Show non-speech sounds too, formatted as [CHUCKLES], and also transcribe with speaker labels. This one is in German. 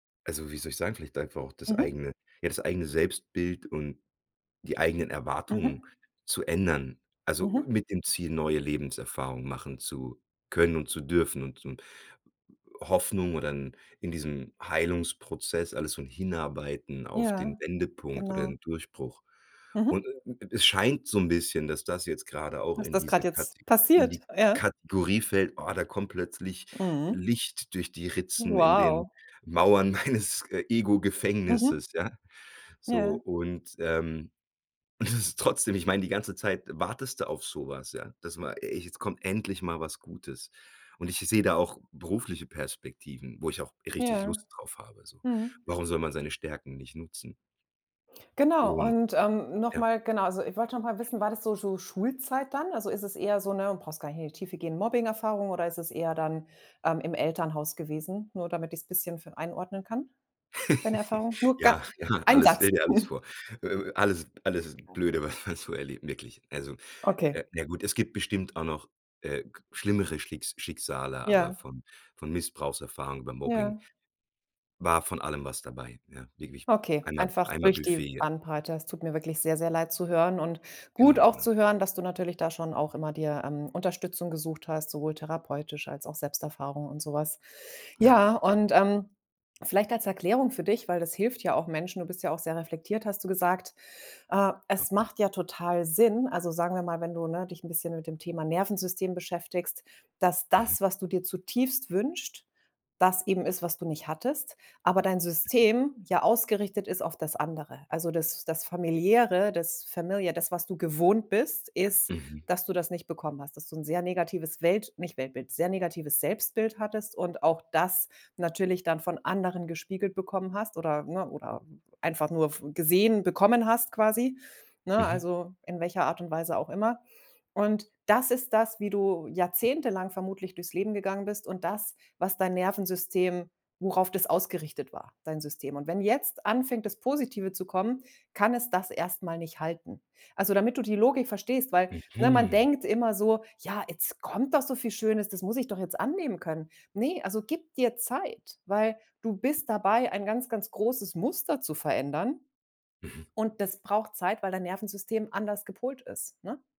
Speaker 1: Also, wie soll ich sagen, vielleicht einfach auch das
Speaker 2: Mhm.
Speaker 1: eigene ja, das eigene Selbstbild und die eigenen Erwartungen
Speaker 2: Mhm.
Speaker 1: zu ändern, also,
Speaker 2: Mhm.
Speaker 1: mit dem Ziel, neue Lebenserfahrungen machen zu können und zu dürfen und und Hoffnung oder in in diesem Heilungsprozess alles so hinarbeiten auf den
Speaker 2: Ja,
Speaker 1: Wendepunkt oder
Speaker 2: genau.
Speaker 1: den Durchbruch.
Speaker 2: Mhm.
Speaker 1: Und d es scheint so 'n bisschen, dass das jetzt gerade auch
Speaker 2: Dass
Speaker 1: in
Speaker 2: das
Speaker 1: diese
Speaker 2: gerade jetzt
Speaker 1: Kateg in
Speaker 2: passiert?
Speaker 1: die
Speaker 2: Ja.
Speaker 1: Kategorie fällt, „Oh, da kommt plötzlich
Speaker 2: Mhm.
Speaker 1: Licht durch die Ritzen in den
Speaker 2: Wow.
Speaker 1: Mauern meines, äh,
Speaker 2: Mhm.
Speaker 1: Ego-Gefängnisses“, ja? So,
Speaker 2: Ja.
Speaker 1: und ähm, und das ist trotzdem ich meine, die ganze Zeit wartest du auf so was, ja. Das war „E ey, jetzt kommt endlich mal was Gutes.“ Und i ich sehe da auch berufliche Perspektiven, wo ich auch richtig
Speaker 2: Ja.
Speaker 1: Lust drauf habe, so.
Speaker 2: Mhm.
Speaker 1: Warum soll man seine Stärken nicht nutzen?
Speaker 2: Genau
Speaker 1: Und
Speaker 2: und ähm, noch
Speaker 1: ja.
Speaker 2: mal genau. Also, ich wollte noch mal wissen, war das so so Schulzeit dann? Also, ist es eher so 'ne- du brauchst gar nicht in die Tiefe gehen- Mobbing-Erfahrung oder ist es eher dann, ähm, im Elternhaus gewesen, nur damit ich's bisschen f einordnen kann, deine Erfahrung?
Speaker 1: [LAUGHS]
Speaker 2: Nur ga
Speaker 1: Ja, ja,
Speaker 2: ein
Speaker 1: alles,
Speaker 2: Satz.
Speaker 1: stell dir alles
Speaker 2: [CHUCKLES]
Speaker 1: vor. Äh, äh, alles alles
Speaker 2: Oh,
Speaker 1: blöde,
Speaker 2: wow.
Speaker 1: was man so erlebt. Wirklich. Also,
Speaker 2: Okay.
Speaker 1: äh, na gut, es gibt bestimmt auch noch, äh, g schlimmere Schlicks Schicksale, aber
Speaker 2: Ja.
Speaker 1: von von Missbrauchserfahrung über Mobbing
Speaker 2: Ja.
Speaker 1: war von allem was dabei, ja. Wirklich
Speaker 2: Okay,
Speaker 1: einmal
Speaker 2: einfach
Speaker 1: einmal
Speaker 2: durch die
Speaker 1: Buffet, ja.
Speaker 2: Bandbreite. Es tut mir wirklich sehr, sehr leid zu hören und gut
Speaker 1: Genau,
Speaker 2: auch
Speaker 1: genau.
Speaker 2: zu hören, dass du natürlich da schon auch immer dir, ähm, Unterstützung gesucht hast, sowohl therapeutisch als auch Selbsterfahrung und so was.
Speaker 1: Ja.
Speaker 2: Ja, und, ähm, vielleicht als Erklärung für dich, weil das hilft ja auch Menschen, du bist ja auch sehr reflektiert, hast du gesagt. Ah,
Speaker 1: Ja.
Speaker 2: es
Speaker 1: Hm.
Speaker 2: macht ja total Sinn, also, sagen wir mal, wenn du, ne, dich 'n bisschen mit dem Thema Nervensystem beschäftigst, dass
Speaker 1: Mhm.
Speaker 2: das, was du dir zutiefst wünscht, das eben ist, was du nicht hattest, aber dein
Speaker 1: Mhm.
Speaker 2: System ja ausgerichtet ist auf das andere. Also, das das Familiäre, das familiar, das, was du gewohnt bist, ist,
Speaker 1: Mhm.
Speaker 2: dass du das nicht bekommen hast, dass du 'n sehr negatives Welt nicht Weltbild, sehr negatives Selbstbild hattest und auch das natürlich dann von anderen gespiegelt bekommen hast oder ne, oder, äh, einfach nur f gesehen bekommen hast quasi, ne?
Speaker 1: Mhm.
Speaker 2: Also, in welcher Art und Weise auch immer. Und das ist das, wie du jahrzehntelang vermutlich durchs Leben gegangen bist und das, was dein Nervensystem worauf das ausgerichtet war, dein System. Und wenn jetzt anfängt, das Positive zu kommen, kann es das erst mal nicht halten. Also, damit du die Logik verstehst, weil, ne, man
Speaker 1: Mhm.
Speaker 2: denkt immer so: „Ja, jetzt kommt doch so viel Schönes, das muss ich doch jetzt annehmen können.“ Ne, also, gib dir Zeit. Weil du bist dabei, ein ganz, ganz großes Muster zu verändern.
Speaker 1: Mhm.
Speaker 2: Und das braucht Zeit, weil dein Nervensystem anders gepolt ist, ne?